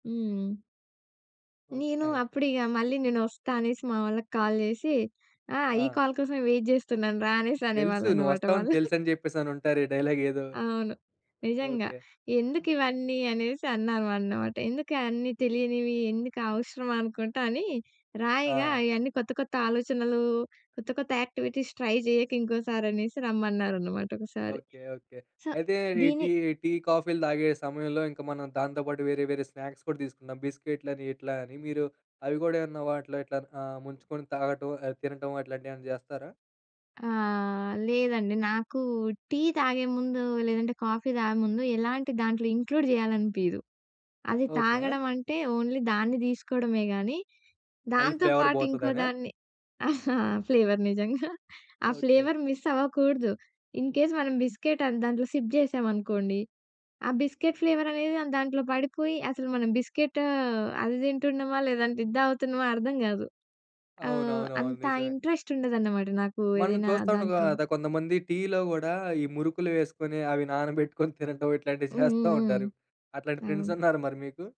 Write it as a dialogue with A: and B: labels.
A: హ్మ్. నేను
B: ఓకే.
A: అప్పుడు ఇగ మళ్ళీ నేనొస్తా అనేసి, మా వాళ్ళకి కాల్ చేసి, "ఆ! ఈ
B: ఆ!
A: కాల్ కోసమే వెయిట్ చేస్తున్నాను రా" అనేసి
B: తెలుసు.
A: అనేవాళ్ళనమాట
B: నువ్వొస్తావని
A: వాళ్ళు.
B: తెలుసు అని చెప్పేసి అనుంటారు డైలాగ్ ఏదో.
A: అవును. నిజంగా.
B: ఓకే.
A: ఎందుకు ఇవన్నీ అనేసి అన్నాం అన్నమాట. ఎందుకు అన్నీ తెలియనివి ఎందుకు అవసరం అనుకుంటా అని, రాయగా
B: ఆ!
A: అయ్యన్నీ కొత్త కొత్త ఆలోచనలు, కొత్త కొత్త యాక్టివిటీస్ ట్రై చేయక ఇంకోసారి అనేసి రమ్మన్నారన్నమాట ఒకసారి
B: ఓకే. ఓకే.
A: సో,
B: అయితే ఈ
A: దీన్ని
B: టీ టీ, కాఫీలు తాగే సమయంలో ఇంక మనం దాంతో పాటు వేరే వేరే స్నాక్స్ కూడా తీసుకుందాం బిస్కెట్‌లని ఇట్లా అని మీరు అవి కూడా ఏమన్నా వాటిలో ఇట్లా అ ముంచుకొని తాగటం, ఆహ్, తినటం అట్లాంటియేమన్నా చేస్తారా?
A: ఆ! లేదండి నాకు టీ తాగే ముందు, లేదంటే కాఫీ తాగే ముందు, ఎలాంటి దాంట్లో ఇంక్లూడ్ చేయాలనిపియ్యదు. అది
B: ఓకే.
A: తాగడం అంటే, ఓన్లీ దాన్ని తీసుకోవడమే కానీ,
B: మళ్ళీ
A: దాంతో
B: ఫ్లేవర్
A: పాటు
B: పోతదనా?
A: ఇంకోదాన్ని ఫ్లేవర్ నిజంగా, ఆ
B: ఓకే.
A: ఫ్లేవర్ మిస్ అవ్వకూడదు. ఇన్ కేస్ మనం బిస్కెట్ అది దాంట్లో సిప్ చేసామనుకోండి, ఆ బిస్కెట్ ఫ్లేవర్ అనేది దాంట్లో పడిపోయి, అసలు మనం బిస్కెట్ అది తింటున్నామా, లేదంటే ఇది తాగుతున్నామా అర్థం గాదు. ఆహ్,
B: అవునవునవును
A: అంత
B: నిజమే.
A: ఇంట్రెస్ట్ ఉండదన్నమాట నాకు
B: మనం
A: ఏదైనా
B: చూస్తాండగా
A: దాంట్లోని
B: ద కొంతమంది టీలో కూడా ఈ మురుకులు వేసుకొని, అవి నానబెట్టుకొని తినటం, ఇట్లాంటివి
A: హ్మ్.
B: చేస్తా
A: హ్మ్. హ్మ్.
B: ఉంటారు. అట్లాంటి ఫ్రెండ్స్
A: అవును.
B: ఉన్నారా మరి మీకు?